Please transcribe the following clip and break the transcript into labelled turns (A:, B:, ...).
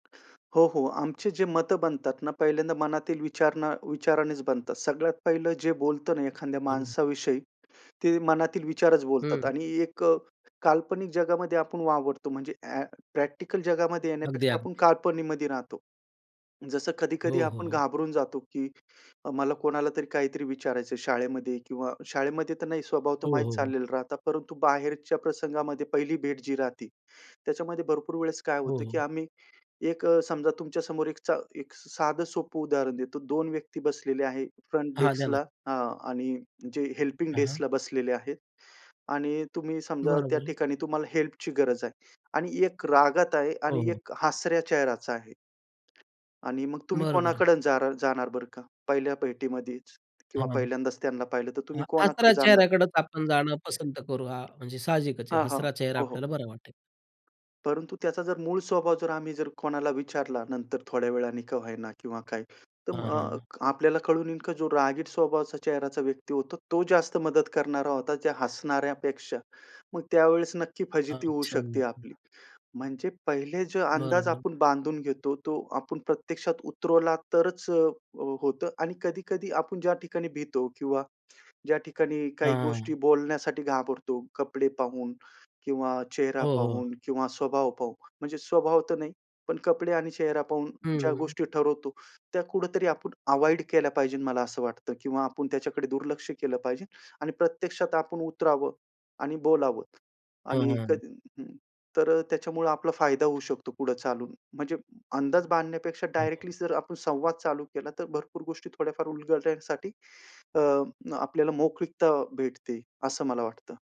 A: हो, हो. आमचे जे मतं बनतात ना पहिल्यांदा मनातील विचार ना विचारानेच बनतात. सगळ्यात पहिलं जे बोलतो ना एखाद्या
B: [unintelligible]
A: माणसाविषयी, ते मनातील विचारच बोलतात.
B: हं.
A: आणि एक अ, काल्पनिक जगामध्ये आपण वावरतो. म्हणजे अ‍ॅ प्रॅक्टिकल जगामध्ये येण्यापेक्षा आपण
B: अगदी-अगदी.
A: कल्पनेमध्ये राहतो. जसं कधी-कधी
B: हो, हो,
A: आपण
B: हो.
A: घाबरून जातो, की अ, मला कोणाला तरी काहीतरी विचारायचंय शाळेमध्ये किंवा शाळेमध्ये तर नाही. स्वभाव तो
B: हो,
A: माहीत
B: हो, हो.
A: झालेला राहता. परंतु, बाहेरच्या प्रसंगामध्ये पहिली भेट जी राहते, त्याच्यामध्ये भरपूर वेळेस काय
B: हो,
A: होतं, की
B: हो.
A: आम्ही एक अ, समजा तुमच्या समोर एकचा एक साधं सोपं उदाहरण देतो. 2 व्यक्ती बसलेले आहेत. फ्रंट
B: हां, द्या ना.
A: डेस्कला अ, आणि जे हेल्पिंग
B: हां, हां.
A: डेस्कला बसलेले आहेत आणि तुम्ही समजा त्या
B: बरोबर आहे.
A: ठिकाणी तुम्हाला हेल्पची गरज आहे. आणि एक रागात आहे
B: हो,
A: आणि
B: हो.
A: एक हसऱ्या चेहराचा आहे. आणि मग तुम्ही
B: बरोबर आहे.
A: कोणाकडं जारा जाणार बरं का पहिल्या भेटीमध्येच? किंवा
B: हां,
A: पहिल्यांदाच त्यांना पाहिलं, तर तुम्ही
B: हं
A: कोणाकडे
B: हसऱ्या
A: जाणार?
B: चेहऱ्याकडेच आपण जाणं पसंत करू. हां, म्हणजे साहजिकच आहे,
A: हां, हां.
B: हसरा चेहरा
A: हो, हो.
B: आपल्याला बरं वाटेल.
A: परंतु, त्याचा जर मूळ स्वभाव जर आम्ही जर कोणाला विचारला नंतर थोड्या वेळाने का होईना किंवा काय. तर
B: हां,
A: मग
B: हां.
A: आपल्याला कळून येईन, की जो रागीट स्वभावाचा चेहऱ्याचा व्यक्ती होतो, तो जास्त मदत करणारा होता त्या हसणाऱ्यापेक्षा. मग त्यावेळेस नक्की फजिती होऊ
B: अच्छा.
A: शकते आपली. म्हणजे पहिले जो अंदाज
B: बरोबर.
A: आपण बांधून घेतो, तो आपण प्रत्यक्षात उतरवला तरच अ, अ, होतं. आणि कधी-कधी आपण ज्या ठिकाणी भीतो किंवा ज्या ठिकाणी काही
B: हां,
A: गोष्टी
B: हां.
A: बोलण्यासाठी घाबरतो कपडे पाहून किंवा चेहरा
B: हो, हो.
A: पाहून किंवा स्वभाव पाहून, म्हणजे स्वभाव तर नाही, पण कपडे आणि चेहरा पाहून ज्या
B: हं.
A: गोष्टी ठरवतो, त्या कुठेतरी आपण अव्हॉइड केल्या पाहिजे मला असं वाटतं किंवा आपण त्याच्याकडे दुर्लक्ष केलं पाहिजे आणि प्रत्यक्षात आपण उतरावं आणि बोलावं.
B: हां,
A: आणि
B: हां.
A: कधी हं तर अ, त्याच्यामुळे आपला फायदा होऊ शकतो पुढे चालून. म्हणजे अंदाज बांधण्यापेक्षा डायरेक्टली
B: हं.
A: जर आपण संवाद चालू केला, तर भरपूर गोष्टी थोड्याफार उलगडण्यासाठी, अ, आपल्याला मोकळीकता भेटते असं मला वाटतं.